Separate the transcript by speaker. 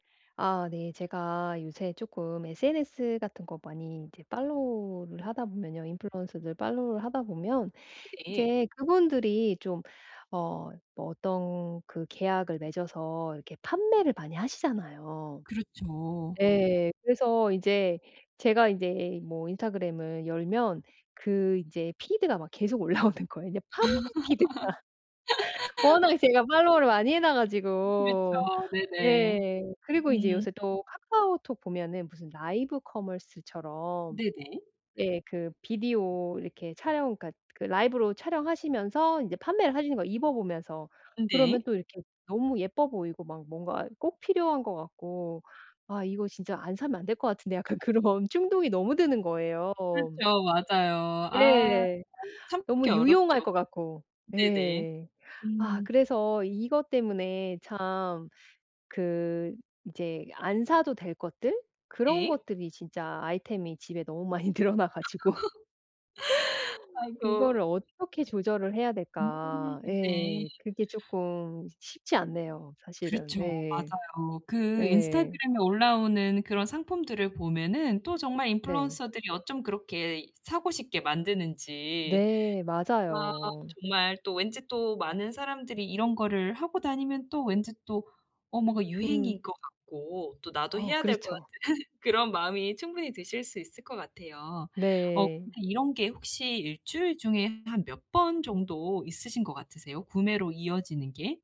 Speaker 1: 아 네. 제가 요새 조금 SNS 같은 거 많이 이제 팔로우를 하다 보면요. 인플루언서들 팔로우를 하다 보면
Speaker 2: 네.
Speaker 1: 이제 그분들이 좀 어 뭐 어떤 그 계약을 맺어서 이렇게 판매를 많이 하시잖아요.
Speaker 2: 그렇죠.
Speaker 1: 예, 그래서 이제 제가 이제 뭐 인스타그램을 열면 그 이제 피드가 막 계속 올라오는 거예요. 그냥 판매 피드가 워낙에 제가 follow를 많이 해 놔
Speaker 2: 음
Speaker 1: 가지고.
Speaker 2: 그렇죠. 네네.
Speaker 1: 예. 그리고 이제
Speaker 2: 음.
Speaker 1: 요새 또 카카오톡 보면은 무슨 라이브 커머스처럼.
Speaker 2: 네네.
Speaker 1: 네, 그 비디오 이렇게 촬영 그러니까 그 라이브로 촬영하시면서 이제 판매를 하려는 거야, 입어 보면서.
Speaker 2: 음
Speaker 1: 그러면
Speaker 2: 네.
Speaker 1: 또 이렇게 너무 예뻐 보이고 막 뭔가 꼭 필요한 것 같고. '아 이거 진짜 안 사면 안 될 것 같은데.' 약간 그런 충동이 너무 드는 거예요.
Speaker 2: 그렇죠. 맞아요. 아. 아,
Speaker 1: 네. 너무
Speaker 2: 참기
Speaker 1: 유용할
Speaker 2: 어렵죠.
Speaker 1: 것 같고.
Speaker 2: 네네.
Speaker 1: 예. 아
Speaker 2: 음.
Speaker 1: 그래서 이것 때문에 참 그 이제 안 사도 될 것들? 그런
Speaker 2: 네.
Speaker 1: 것들이 진짜 아이템이 집에 너무 많이 늘어나 가지고. '이거를
Speaker 2: 아이고.
Speaker 1: 어떻게 조절을 해야
Speaker 2: 음.
Speaker 1: 될까.'
Speaker 2: 네.
Speaker 1: 예. 그게 조금 쉬 쉽지 않네요, 사실은.
Speaker 2: 그렇죠.
Speaker 1: 네.
Speaker 2: 맞아요. 그
Speaker 1: 네.
Speaker 2: 인스타그램에 올라오는 그런 상품들을 보면은 또 정말
Speaker 1: 네.
Speaker 2: 인플루언서들이 어쩜 그렇게 사고 싶게 만드는지.
Speaker 1: 네,
Speaker 2: 아
Speaker 1: 맞아요.
Speaker 2: 정말 또 왠지 또 많은 사람들이 이런 거를 하고 다니면 또 왠지 또 어 뭔가
Speaker 1: 음.
Speaker 2: 유행인 것 같고 또 나도
Speaker 1: 어
Speaker 2: 해야 될 것
Speaker 1: 그렇죠.
Speaker 2: 같은 그런 마음이 충분히 드실 수 있을 것 같아요. 어
Speaker 1: 네.
Speaker 2: 근데 이런 게 혹시 1 주일 중에 한 몇 번 정도 있으신 것 같으세요, 구매로 이어지는 게?